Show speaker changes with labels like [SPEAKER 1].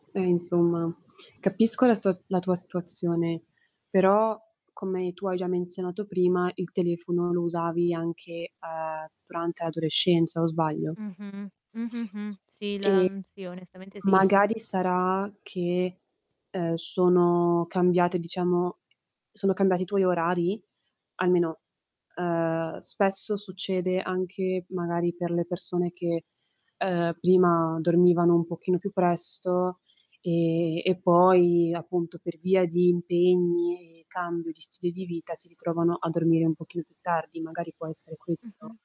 [SPEAKER 1] Eh insomma, capisco la stua la tua situazione, però, come tu hai già menzionato prima, il telefono lo usavi anche, uhm, durante l'adolescenza, o sbaglio?
[SPEAKER 2] Mh-mh. Mh-mh-mh. Sì, la
[SPEAKER 1] Ehm,
[SPEAKER 2] mhmm, sì, onestamente sì.
[SPEAKER 1] magari sarà che, ehm, sono cambiate diciamo sono cambiati i tuoi orari? Almeno, ehm, spesso succede anche, magari, per le persone che, ehm, prima dormivano un pochino più presto, ehm, e poi appunto per via di impegni, cambio di stile di vita, si ritrovano a dormire un pochino più tardi, magari può essere questo.
[SPEAKER 2] Mh-mh.